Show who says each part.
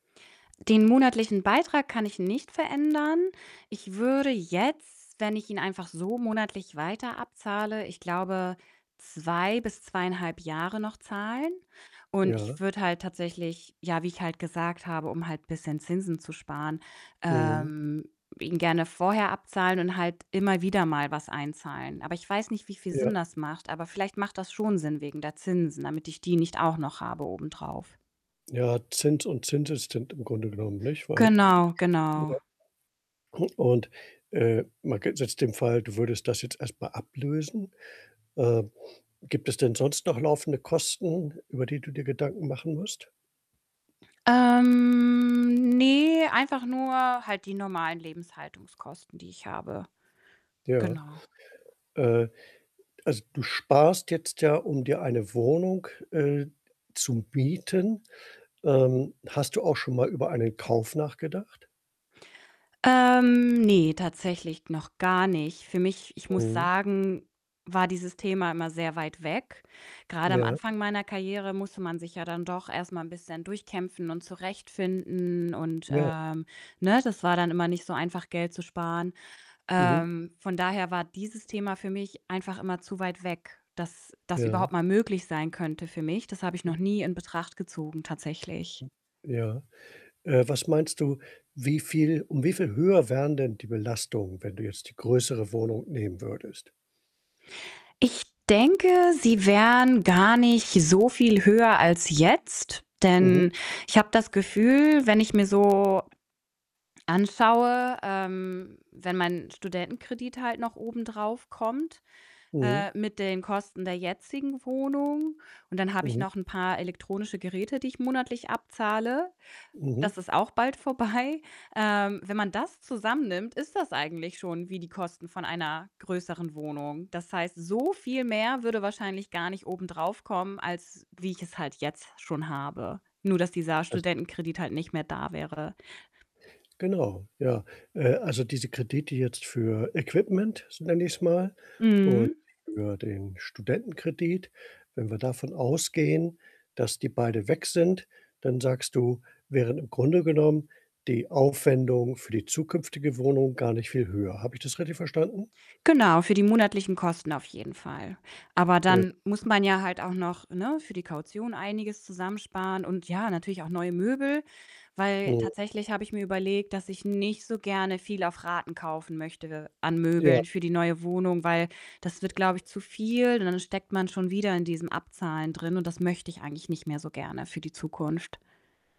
Speaker 1: Den monatlichen Beitrag kann ich nicht verändern. Ich würde jetzt, wenn ich ihn einfach so monatlich weiter abzahle, ich glaube, 2 bis 2,5 Jahre noch zahlen. Und ich
Speaker 2: Ja.
Speaker 1: würde halt tatsächlich ja, wie ich halt gesagt habe, um halt bisschen Zinsen zu sparen,
Speaker 2: Mhm.
Speaker 1: ähm, ihn gerne vorher abzahlen und halt immer wieder mal was einzahlen. Aber ich weiß nicht, wie viel Sinn
Speaker 2: Ja.
Speaker 1: das macht, aber vielleicht macht das schon Sinn wegen der Zinsen, damit ich die nicht auch noch habe obendrauf.
Speaker 2: Ja, Zins und Zinseszins im Grunde genommen, nicht? Weil
Speaker 1: Genau,
Speaker 2: ja.
Speaker 1: genau.
Speaker 2: Und, äh, man g setzt den Fall, du würdest das jetzt erst mal ablösen. Äh, gibt es denn sonst noch laufende Kosten, über die du dir Gedanken machen musst?
Speaker 1: Ähm, ne, einfach nur halt die normalen Lebenshaltungskosten, die ich habe.
Speaker 2: Ja.
Speaker 1: Genau.
Speaker 2: Äh, also, du sparst jetzt ja, um dir eine Wohnung, äh, zu mieten. Ähm, hast du auch schon mal über einen Kauf nachgedacht?
Speaker 1: Ähm, ne, tatsächlich noch gar nicht. Für mich ich muss
Speaker 2: Mhm.
Speaker 1: sagen, war dieses Thema immer sehr weit weg. Grade am
Speaker 2: Ja.
Speaker 1: Anfang meiner Karriere musste man sich ja dann doch erst mal 'n bisschen durchkämpfen und zurechtfinden und,
Speaker 2: Ja.
Speaker 1: ähm ne das war dann immer nicht so einfach, Geld zu sparen.
Speaker 2: Mhm.
Speaker 1: Ähm, von daher war dieses Thema für mich einfach immer zu weit weg, dass das überhaupt
Speaker 2: Ja.
Speaker 1: mal möglich sein könnte für mich. Das habe ich noch nie in Betracht gezogen tatsächlich.
Speaker 2: Ja. Äh, was meinst du, wie viel um wie viel höher wären denn die Belastungen, wenn du jetzt die größere Wohnung nehmen würdest?
Speaker 1: Ich denke, sie wären gar nicht so viel höher als jetzt,
Speaker 2: Mhm.
Speaker 1: denn ich habe das Gefühl, wenn ich mir so anschaue, ähm, wenn mein Studentenkredit halt noch obendrauf kommt,
Speaker 2: Mhm.
Speaker 1: äh, mit den Kosten der jetzigen Wohnung und dann habe ich
Speaker 2: Mhm.
Speaker 1: noch 'n paar elektronische Geräte, die ich monatlich abzahle.
Speaker 2: Mhm.
Speaker 1: Das ist auch bald vorbei. Ähm, wenn man das zusammennimmt, ist das eigentlich schon wie die Kosten von einer größeren Wohnung. Das heißt, so viel mehr würde wahrscheinlich gar nicht obendrauf kommen, als wie ich es halt jetzt schon habe. Nur dass dieser
Speaker 2: Als
Speaker 1: Studentenkredit halt nicht mehr da wäre.
Speaker 2: Genau, ja. Äh, also, diese Kredite jetzt für Equipment, so nenne ich's mal, und
Speaker 1: Mhm.
Speaker 2: für den Studentenkredit. Wenn wir davon ausgehen, dass die beide weg sind, dann sagst du, wären im Grunde genommen die Aufwendungen für die zukünftige Wohnung gar nicht viel höher. Habe ich das richtig verstanden?
Speaker 1: Genau, für die monatlichen Kosten auf jeden Fall. Aber
Speaker 2: Ja.
Speaker 1: dann muss man ja halt auch noch ne, für die Kaution einiges zusammensparen und ja, natürlich auch neue Möbel, weil
Speaker 2: Mhm.
Speaker 1: tatsächlich habe ich mir überlegt, dass ich nicht so gerne viel auf Raten kaufen möchte an
Speaker 2: Ja.
Speaker 1: Möbeln für die neue Wohnung, weil das wird, glaube ich, zu viel und dann steckt man schon wieder in diesem Abzahlen drin und das möchte ich eigentlich nicht mehr so gerne für die Zukunft.